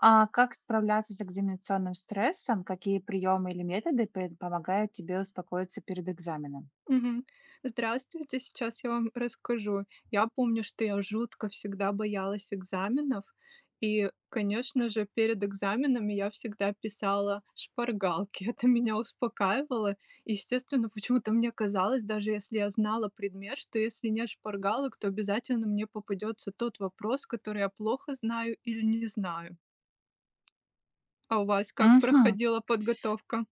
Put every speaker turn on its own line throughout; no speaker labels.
А как справляться с экзаменационным стрессом? Какие приемы или методы пэ помогают тебе успокоиться перед экзаменом?
Мгм. Здравствуйте! Сейчас я вам расскажу. Я помню, что я жутко всегда боялась экзаменов. И, конечно же, перед экзаменами я всегда писала шпаргалки. Это меня успокаивало. Естественно, почему-то мне казалось, даже если я знала предмет, что, если нет шпаргалок, то обязательно мне попадется тот вопрос, который я плохо знаю или не знаю. А у вас как
Мгм.
проходила подготовка?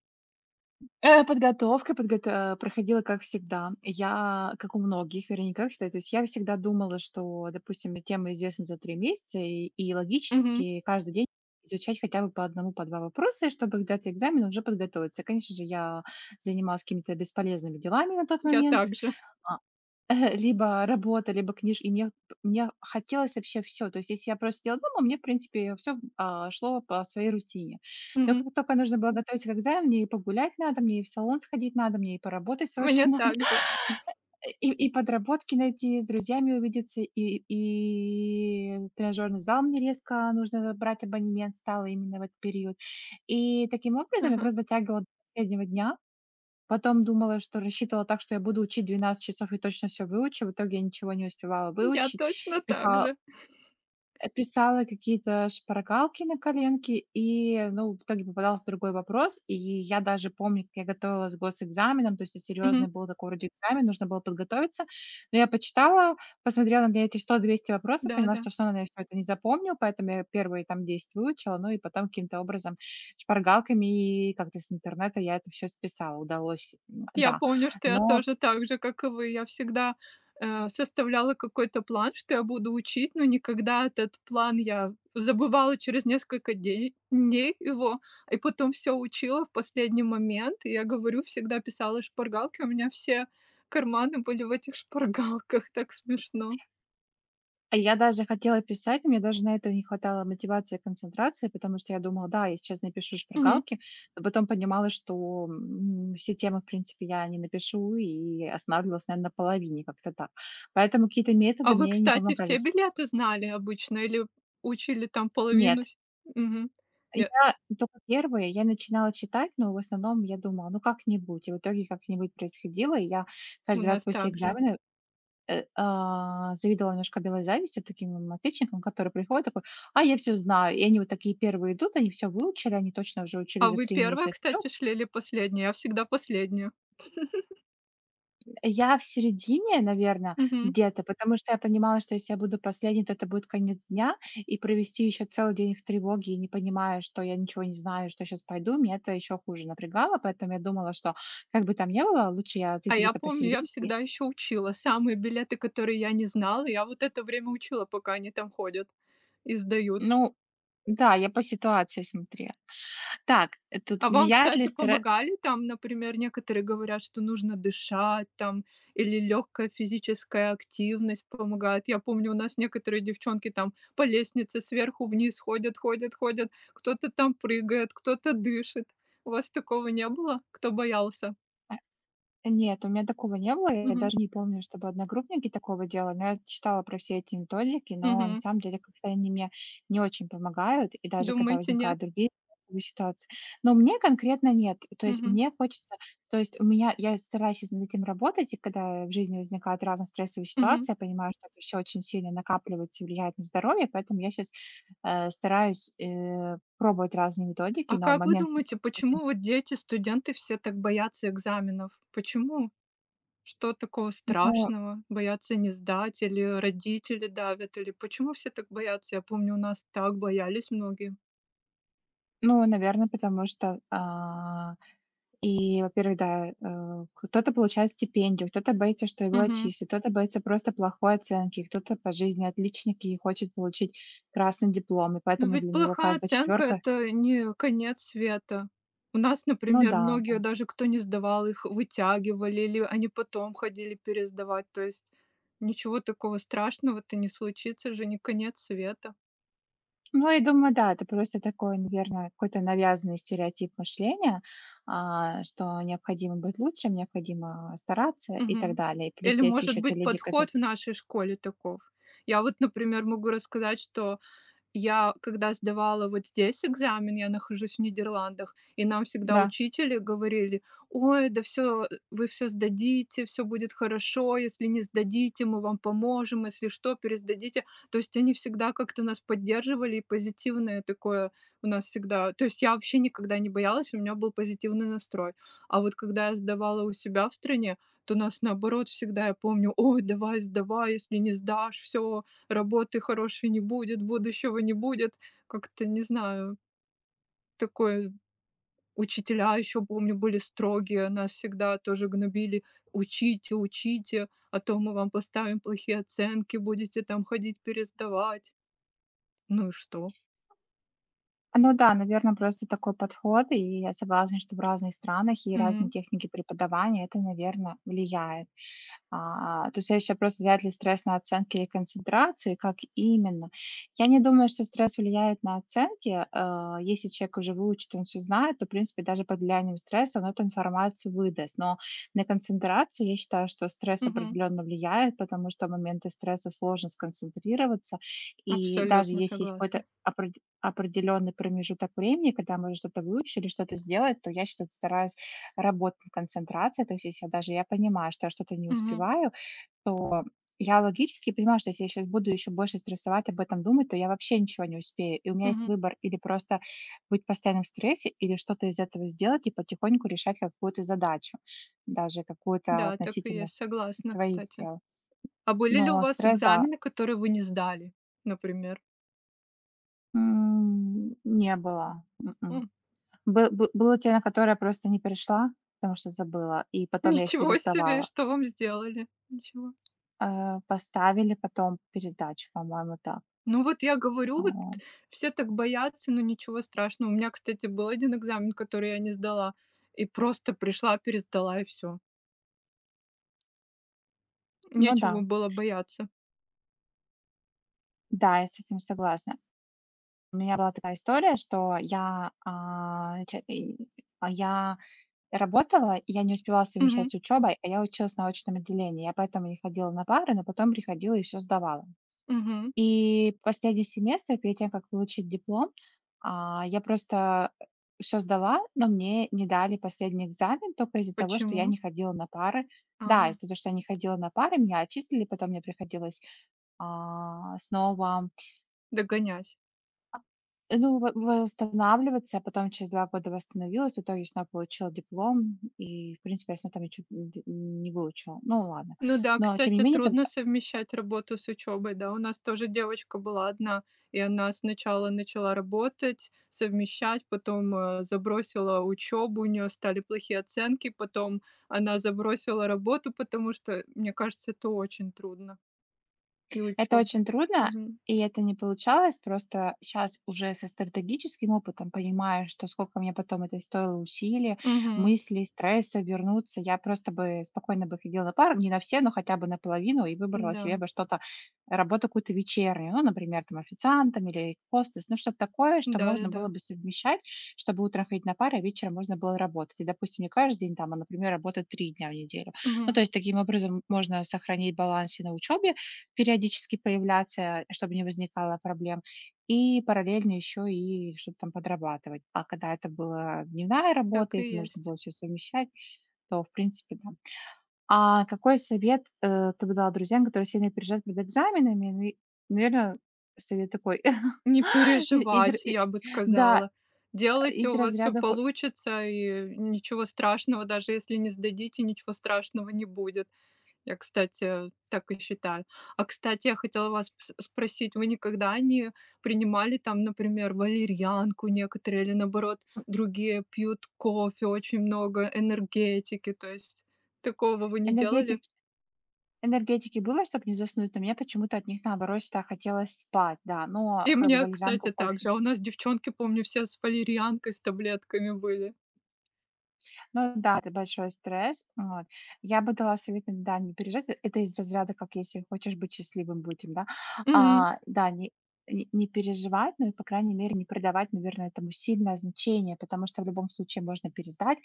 Э, подготовка подгота проходила, как всегда. Я, как у многих, вернее, ну, как всегда, то есть я всегда думала, что, допустим, мне тема известна за 3 месяца, и и
Мгм.
логически каждый день изучать хотя бы по 1, по 2 вопроса, и чтобы когда у тя экзамен, и уже подготовиться. Конечно же, я занималась какими-то бесполезными делами на тот
Я
момент.
также.
А, либо работа, либо книж и мне, п мне хотелось вообще всё. То есть, если я просто сидела дома, мне, в принципе, всё, м а, шло по своей рутине. Но
Мгм.
как тока нужно было готовиться к экзамену, мне и погулять надо, мне и в салон сходить надо, мне и поработать
У меня
срочно надо,
так же.
а и и подработки найти, и с друзьями увидеться, и и и в тренажерный зал мне резко нужно брать абонемент стало именно в этот период. И, таким образом, я
Ага.
просто затягивала до последнего дня. Потом думала, что рассчитывала так, что я буду учить 12 часов и точно всё выучу. В итоге я ничего не успевала
Я
выучить.
точно так
Писала
же!
э, писала какие-то шпаргалки на коленки, и, ну, в итоге попадался другой вопрос. И я даже помню, как я готовилась к госэкзаменам, то есть это
Мгм.
серьезный был такой вроде экзамен, нужно было подготовиться. Но я почитала, посмотрела на эти 100-200 вопросов и поняла,
Да-да.
что я всё равно, наверное, всё это не запомню, поэтому я первые там 10 выучила, ну и потом, каким-то образом, шпаргалками и и как-то с интернета я это всё списала, удалось М,
Я
да.
помню, что я
Но
тоже так же, как и вы. Я всегда, э, составляла какой-то план, что я буду учить, но никогда этот план я забывала через несколько дей дней его и потом всё учила в последний момент. И я говорю, всегда писала шпаргалки, у меня все карманы были в этих шпаргалках, так смешно.
А я даже хотела писать, мне даже на это не хватало мотивации и концентрации, потому что я думала: "Да, я сейчас напишу
Мгм.
шпаргалки", но потом понимала, что, м, все темы, в принципе, я не напишу, и останавливалась, наверно, на половине. Как-то так. Поэтому какие-то
А
методы
вы,
мне не
кстати,
помогали
все
с
билеты знали обычно или учили там половину,
Нет.
всь Мгм, я
Я тока 1, я начинала читать, но, в основном, я думала: "Ну, как-нибудь". И в итоге как-нибудь происходило. И я
У
каждый раз
нас
после
так же.
экзамена, э, а, завидовала немножко белой завистью таким мам отличникам, которые приходят, такой: "А я всё знаю!" И они вот такие 1 идут, они всё выучили, они точно уже учили
А
за
вы
3
1,
месяца вперёд.
кстати, шли или последняя? Я всегда последняя.
Я в середине, наверно,
Мгм.
где-то, потому что я понимала, что если я буду последней, то это будет конец дня, и провести еще целый день в тревоге, и не понимая, что я ничего не знаю, что я щас пойду, меня это еще хуже напрягало, поэтому я думала, что, как бы там ни было, лучше я
А
зайду
я
где-то
помню, я
посерединке
всегда еще учила самые билеты, которые я не знала. Я вот это время учила, пока они там ходят и сдают.
Ну да, я по ситуации смотрела. Так, э, тут
А вам,
влияет ли
кстати,
стре
помогали там? Например, некоторые говорят, что нужно дышать там или легкая физическая активность помогает. Я помню, у нас некоторые девчонки там по лестнице сверху вниз ходят ходят ходят, кто-то там прыгает, кто-то дышит. У вас такого не было, кто боялся?
Э. Э, нет, у меня такого не было. Я
Мгм.
даже не помню, чтобы одногруппники такого делали, но я читала про все эти методики, но, на
Мгм.
самом деле, как-то они мне не очень помогают, и даже когда
Думаете, нет?
возникают другие стрессовые ситуации. Но мне конкретно- нет. То есть
Мгм.
мне хочется то есть у меня я стараюсь щас над этим работать, и когда в жизни возникают разные стрессовые
Мгм.
ситуации, я понимаю, что это всё очень сильно накапливается и влияет на здоровье, поэтому я щас, э, стараюсь, э, пробовать разные методики,
А
но в
как вы
момент стресса
думаете,
очень
почему
с
вот дети-студенты все так боятся экзаменов? Почему? Что такого
Ну.
страшного: боятся не сдать, или, э, родители давят, или почему все так боятся? Я помню, у нас так боялись многие.
Ну, наверно, потому что а, и, во-первых, да, э, кто-то получает стипендию, кто-то боится, что его
Мгм.
отчислят, кто-то боится просто плохой оценки, кто-то по жизни отличник и хочет получить красный диплом, и
Но
поэтому
ведь
для него
плохая
каждая
оценка-
четвёрка
это не конец света. У нас,
Ну
например,
да, да.
многие даже, кто не сдавал, их вытягивали или они потом ходили пересдавать, то есть ничего такого страшного-то не случится, же не конец света.
Ну, я думаю, да. Это просто такой, наверное, какой-то навязанный стереотип мышления, а, что необходимо быть лучше, необходимо, а, стараться и так
Мгм.
далее. И
Или,
плюс есть
может
еще те
быть,
люди, кото
подход в нашей школе таков? Я вот, например, могу рассказать, что я когда сдавала вот здесь экзамен, я нахожусь в Нидерландах, и нам всегда
Да.
учители говорили: "Ой, да всё, э вы всё сдадите, всё будет хорошо, если не сдадите, мы вам поможем, если что, пересдадите". То есть они всегда как-то нас поддерживали, и позитивное такое у нас всегда. То есть я вообще никогда не боялась, у меня был позитивный настрой. А вот когда я сдавала у себя в стране, то нас, наоборот, всегда, я помню: "Ой, давай сдавай, если не сдашь, всё, работы хорошей не будет, будущего не будет". Как-то, не знаю такое. Учителя еще, помню, были строгие, нас всегда тоже гнобили: "Учите, учите, а то мы вам поставим плохие оценки, будете там ходить пересдавать". Ну и что?
Ну да, наверно, просто такой подход, и я согласна, что в разных странах и разные
Мгм.
техники преподавания- это, наверно, влияет. А а, то следующий вопрос: влияет ли стресс на оценки или концентрацию, и как именно? Я не думаю, что стресс влияет на оценки. А, если человек уже выучит, он всё знает, то, в принципе, даже под влиянием стресса он эту информацию выдаст. Но на концентрацию, я считаю, что стресс
Мгм.
определённо влияет, потому что в моменты стресса сложно сконцентрироваться, и даже
Абсолютно
если есть какой-то
согласна.
опре определенный промежуток времени, когда мы что-то выучили, что-то сделать, то я щас это, стараюсь работать над концентрацией. То есть если я даже я понимаю, что я что-то не
Мгм.
успеваю, то я логически понимаю, что если я щас буду еще больше стрессовать, об этом думать, то я вообще ничего не успею. И у меня есть
Мгм.
выбор: или просто быть постоянно в стрессе или что-то из этого сделать и потихоньку решать какую-то задачу, даже какую-то
Да, так и
относительно
есть,
с
согласна,
своих
кстати.
дел.
А были ли у
Но
вас
стресс, да.
экзамены, которые вы не сдали, например?
М, не было, м-м.
М.
Бы бы было те, на которые я просто не пришла, потому что забыла, и потом я их
Ничего себе!
пересдавала.
Что вам сделали? Ничего?
А, поставили потом пересдачу, по-моему, да.
Ну вот, я говорю, вот
Вот.
все так боятся, но ничего страшного. У меня, кстати, был один экзамен, который я не сдала, и просто пришла, пересдала, и всё.
Ну
Нечего
да.
было бояться.
Да, я с этим согласна. У меня была такая история, что я, а, ч и, а, я работала, и я не успевала совмещать
Мгм.
с учебой, а я училась на очном отделении. Я поэтому не ходила на пары, но потом приходила и всё сдавала.
Мгм.
И последний семестр перед тем, как получить диплом, а, я просто, э, всё сдала, но мне не дали последний экзамен тока из-за того, что я
Почему?
не ходила на пары Да,
А.
из-за того, что я не ходила на пары, меня отчислили, потом мне приходилось, а, снова
Догонять.
а, ну, во восстанавливаться, я потом через 2 года восстановилась, в итоге снова получила диплом и, в принципе, я снова там ничего нь дь не выучила. Ну, ладно.
Ну да,
Но, тем не
кстати,
менее, там,
трудно
а
совмещать работу с учебой. Да, у нас тоже девочка была одна, и она сначала начала работать, совмещать, потом, э, забросила учебу, у нее стали плохие оценки, потом она забросила работу, потому что, э, мне кажется, это очень трудно, и
Это
учебу
очень трудно,
Мгм.
и это не получалось. Просто щас уже со стратегическим опытом понимаю, что сколько мне потом это стоило усилий,
Мгм.
мыслей, стресса вернуться, я просто бы спокойно бы ходила на пары, не на все, но хотя бы на половину, и выбрала себе
Да.
бы что-то работу какую-то вечернюю. Ну, например, там, официантом или хостес. Ну, что-то такое, что можно было
Да-да-да.
бы совмещать, чтобы утром ходить на пары, а вечером можно было работать. И, допустим, не каждый день там, а, например, работать 3 дня в неделю. Ну,
Мгм.
то есть, таким образом, можно сохранить баланс и на учебе периодически появляться, а, чтобы не возникало проблем, и параллельно еще и что-то там подрабатывать. А когда это была дневная
Так
работа, и
и
это нужно
есть.
было всё совмещать, то, в принципе, там А какой совет, э, ты бы дала друзьям, которые сильно переживают перед экзаменами? Ну и, наверно, совет такой:
Не
из изр
переживать,
и
я бы
да,
сказала. Делайте,
из
у вас всё
разряда хо
получится, а, и ничего страшного, даже если не сдадите, ничего страшного не будет. Я, кстати, так и считаю. А, кстати, я хотела вас пс спросить: вы никогда не принимали там, например, валерьянку, некоторые, или, наоборот,
М.
другие пьют кофе очень много, энергетики, то есть такого вы не делали?
Энергетики. Энергетики- было, чтобы не заснуть, но мне почему-то от них, наоборот, всегда хотелось спать, да. Но,
И
как бы,
мне, кстати,
валерьянку,
также.
кофе
А у нас девчонки, помню, все с валерьянкой, с таблетками были.
Ну да, это большой стресс, вот. Я бы дала совет им, да, не переживать. Э, это из разряда, как: "Если хочешь быть счастливым- будь им", да.
Мгм.
А, да, не не не переживать, но и, по крайней мере, не придавать, наверно, этому сильное значение, потому что в любом случае можно пересдать,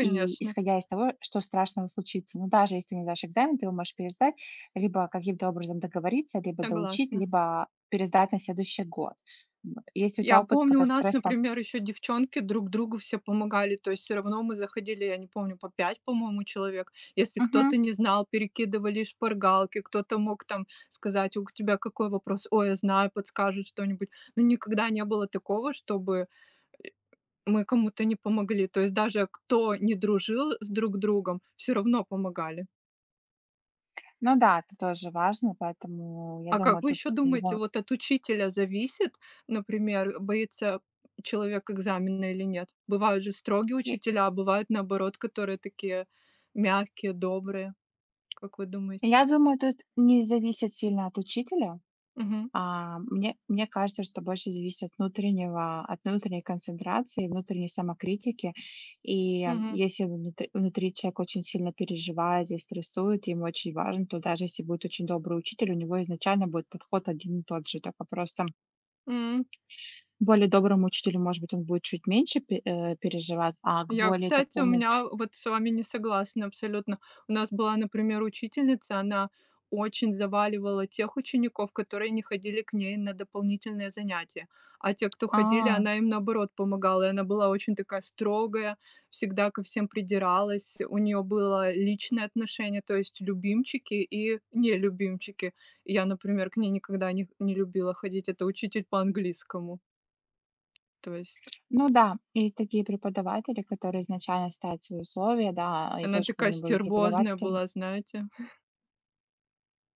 и исходя из того, что страшного случится. Но даже если ты не сдашь экзамен, ты его можешь пересдать, либо каким-то образом договориться, либо доучить,
Согласна.
либо пересдать на следующий год, вот. И если ли у
Я
тя опыт,
помню,
когда
у нас,
стресс там
например, еще девчонки друг другу все помогали, то есть всё равно мы заходили, я не помню, по 5, по-моему, человек. Если
Мгм.
кто-то не знал, перекидывали шпаргалки, кто-то мог там сказать: "У к тебя какой вопрос?". "Ой, я знаю",- подскажут что-нибудь. Но никогда не было такого, чтобы мы кому-то не помогли. То есть даже кто не дружил с друг другом, всё равно помогали.
Ну да, это тоже важно, поэтому, я
А как
думаю,
вы
тут
еще
в
думаете,
любом
вот от учителя зависит, например, боится человек экзамена или нет? Бывают же строгие
Е
учителя, а бывают, наоборот, которые такие мягкие, добрые. Как вы думаете?
Я думаю, тут не зависит сильно от учителя.
Мгм.
А мне мне кажется, что больше зависит от внутреннего от внутренней концентрации, внутренней самокритики. И, м,
Мгм.
если внутр внутри человек очень сильно переживает и стрессует, ему очень важно, то даже если будет очень добрый учитель, у него изначально будет подход один и тот же. Такой просто
М.
более доброму учителю, может быть, он будет чуть меньше пе э, переживать, а к
Я,
более
кстати, у
такому
меня вот с вами не согласна, абсолютно. У нас была, например, учительница, она очень заваливала тех учеников, которые не ходили к ней на дополнительные занятия, а те, кто ходили,
А.
она им, наоборот, помогала. И она была очень такая строгая, всегда ко всем придиралась, у нее было личное отношение, то есть любимчики и нелюбимчики. И я, например, к ней никогда не не любила ходить, это учитель по английскому. То есть
Фыр ну да, есть такие преподаватели, которые изначально ставят свои условия, да, и
она
тоже
такая
помню, были
стервозная
преподаватели
была, знаете.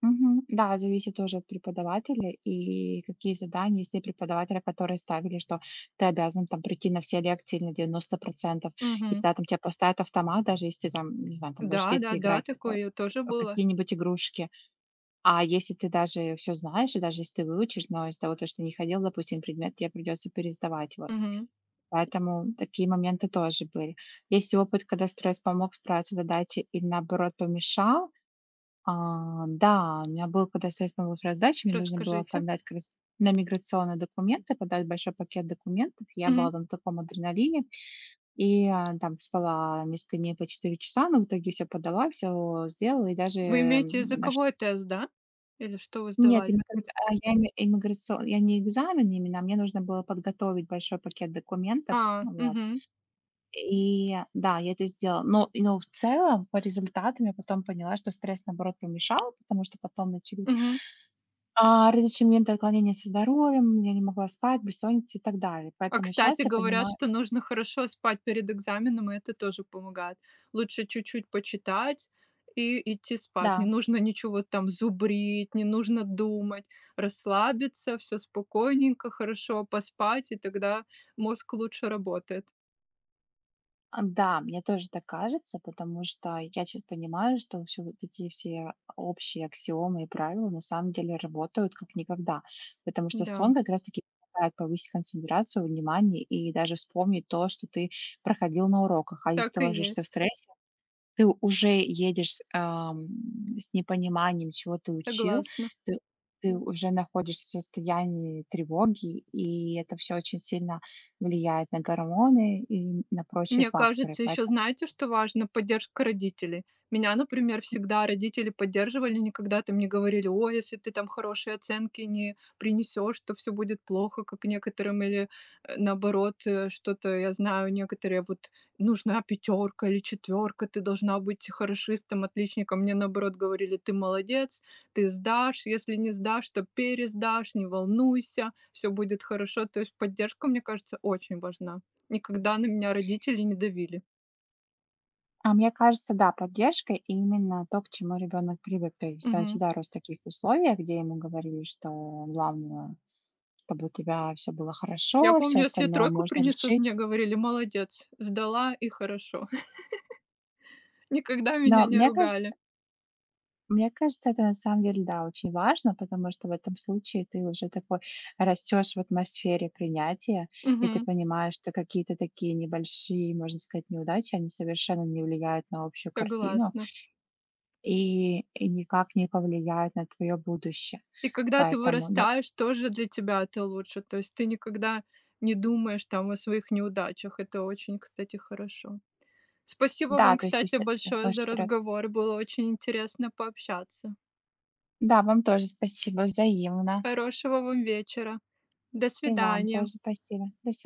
Мгм, да, зависит тоже от преподавателя и какие задания. Есть те преподаватели, которые ставили, что ты обязан там прийти на все лекции на 90 %, и
Мгм.
тогда там те поставят автомат, даже если ты там, не знаю, там будешь сидеть и
Да-да-да,
играть, а
такое тоже
а, в
было.
какие-нибудь игрушки. А если ты даже всё знаешь, и даже если ты выучишь, но из-за того, то что ты не ходил, допустим, на предмет, те придется пересдавать, вот.
Мгм.
Поэтому такие моменты тоже были. Есть ли опыт, когда стресс помог справиться с задачей или, наоборот, помешал? А, да, у меня было, когда стресс помог справиться с задачей, мне нужно было
Расскажите.
оформлять как раз на миграционные документы, подать большой пакет документов. Я была
Мгм.
тогда на таком адреналине, и, а, там спала несколько дней по 4 часа, но в итоге всё подала, всё сделала, и даже,
Вы имеете
м, наш
языковой тест, да? Или что вы
Нет,
сдавали?
иммиграц а, я не имиграцион я не экзамен именно, а мне нужно было подготовить большой пакет документов,
А,
ну вот.
мгм.
И да, я это сделала, но, и но, в целом, по результатам я потом поняла, что стресс, наоборот, помешал, потому что потом начались,
Мгм.
а, различные моменты отклонения со здоровьем, я не могла спать, бессонница и так далее.
А,
Поэтому
кстати,
щас я
говорят,
понимаю
что нужно хорошо спать перед экзаменом, и это тоже помогает. Лучше чуть-чуть почитать и идти спать. Не
Да.
нужно ничего там зубрить, не нужно думать. Расслабиться, всё спокойненько, хорошо поспать, и тогда мозг лучше работает.
А, да, мне тоже так кажется, потому что я щас понимаю, что вообще вот эти все, а, общие аксиомы и правила, на самом деле, работают, как никогда. Потому что
Да.
сон, как раз таки, позволяет повысить концентрацию внимания и даже вспомнить то, что ты проходил на уроках. А если ты
Так и
ложишься в
есть.
стрессе, ты уже едешь с ам с непониманием, чего ты учил,
Согласна.
ты ты уже находишься в состоянии тревоги, и это всё очень сильно влияет на гормоны и на прочие
Мне
факторы,
кажется, еще,
поэтому
знаете, что важно- поддержка родителей. Меня, например, всегда родители поддерживали, никогда там не говорили: "О, если ты там хорошие оценки не принесешь, то всё будет плохо", как некоторым. Или, э, наоборот, э, что-то. Я знаю, некоторые вот: "Нужна пятерка или четверка, ты должна быть хорошистом, отличником". Мне, наоборот, говорили: "Ты молодец, ты сдашь, если не сдашь, то пересдашь, не волнуйся, всё будет хорошо". То есть поддержка, мне кажется, очень важна. Никогда на меня родители не давили.
А мне кажется, да, поддержка- именно то, к чему ребенок привык. То есть он
Мгм.
всегда рос в таких условиях, где ему говорили, что главное- чтобы у тебя всё было
Я
хорошо, всё
помню, если
остальное
тройку
можно
принесу, мне
решить.
говорили: "Молодец, сдала, и хорошо". Никогда меня
Да,
не
мне
ругали.
кажется мне кажется, это, на самом деле, да, очень важно, потому что в этом случае ты уже такой, растешь в атмосфере принятия, и ты
Мгм.
понимаешь, что какие-то такие небольшие, можно сказать, неудачи, они совершенно не влияют на общую картину
Согласна.
и и никак не повлияют на твое будущее.
И когда ты
Поэтому, ну
вырастаешь, тоже для тебя это лучше. То есть ты никогда не думаешь там о своих неудачах. Это очень, кстати, хорошо. Спасибо
Да,
вам,
то есть ты
кстати,
всегда, э,
большое за
смотришь вперед.
разговор. Было очень интересно пообщаться.
Да, вам тоже спасибо. Взаимно.
Хорошего вам вечера. До
И вам
свидания.
тоже спасибо. До сви